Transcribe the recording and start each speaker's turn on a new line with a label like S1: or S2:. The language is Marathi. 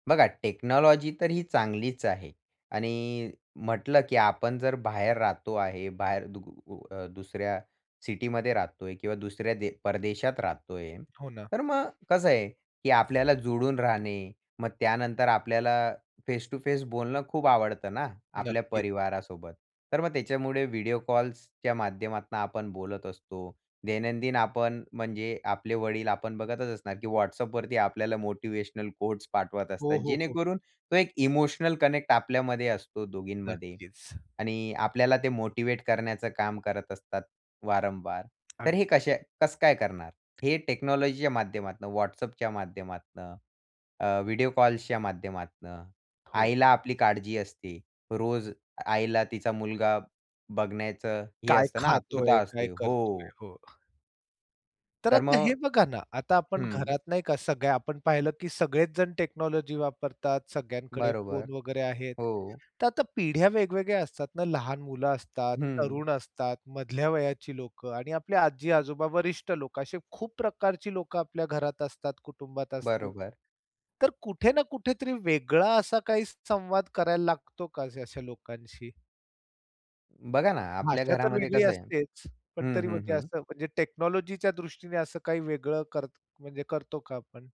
S1: बघा, टेक्नॉलॉजी तर ही चांगलीच आहे. आणि म्हटलं की आपण जर बाहेर राहतो आहे. बाहेर दुग ऊ अ, दुसऱ्या सिटीमध्ये राहतोय किंवा दुसऱ्या दे परदेशात राहतोय.
S2: हो, ना.
S1: तर मग कसं आहे की आपल्याला जुळून राहणे. मग त्यानंतर आपल्याला फेस टू फेस बोलणं खूप आवडतं ना, आपल्या
S2: नक्कीच.
S1: परिवारासोबत. तर मग त्याच्यामुळे व्हिडिओ कॉल्सच्या माध्यमातनं आपण बोलत असतो. दैनंदिन आपण, म्हणजे आपले वडील आपण बघतच असणार की WhatsAppवरती आपल्याला मोटिव्हेशनल कोट्स पाठवत असतात
S2: हो, हो, हो.
S1: जेणेकरून, तो एक इमोशनल कनेक्ट आपल्यामध्ये असतो दोघींमध्ये.
S2: नक्कीच.
S1: आणि आपल्याला ते मोटिव्हेट करण्याचं काम करत असतात वारंवार. तर हे
S2: अगदी.
S1: कसे कसं काय करणार? हे टेक्नॉलॉजीच्या माध्यमातनं WhatsAppच्या माध्यमातनं, अ, व्हिडिओ कॉल्सच्या माध्यमातनं,
S2: हो.
S1: आईला आपली काळजी असते. रोज आईला तिचा मुलगा, बघण्याचं हे
S2: काय
S1: असतं ना, आतुरता
S2: खातोय, काय
S1: असते.
S2: करतोय.
S1: हो.
S2: हो. तर
S1: तर
S2: आता
S1: मग
S2: हे बघा ना, आता आपण
S1: हं.
S2: घरात नाही का सगळ्या आपण पाहिलं की सगळेच जण टेक्नॉलॉजी वापरतात, सगळ्यांकडे
S1: बरोबर.
S2: फोन वगैरे आहेत.
S1: हो.
S2: तर आता पिढ्या वेगवेगळ्या असतात ना, लहान मुलं असतात,
S1: हं.
S2: तरुण असतात, मधल्या वयाची लोकं आणि आपल्या आजी-आजोबा, वरिष्ठ लोक असे खूप प्रकारची लोक आपल्या घरात असतात, कुटुंबात असतात.
S1: बरोबर.
S2: तर कुठे ना कुठेतरी वेगळा असा काही संवाद करायला लागतो का अशा लोकांशी?
S1: बघा ना, आपल्या
S2: भाषा तर
S1: घरामध्ये
S2: वेगळी
S1: कसं आहे
S2: असतेच. पण
S1: हं,
S2: तरी
S1: हं,
S2: म्हणजे
S1: हं.
S2: असं म्हणजे टेक्नॉलॉजीच्या दृष्टीने, असं काही वेगळं करत म्हणजे करतो का आपण?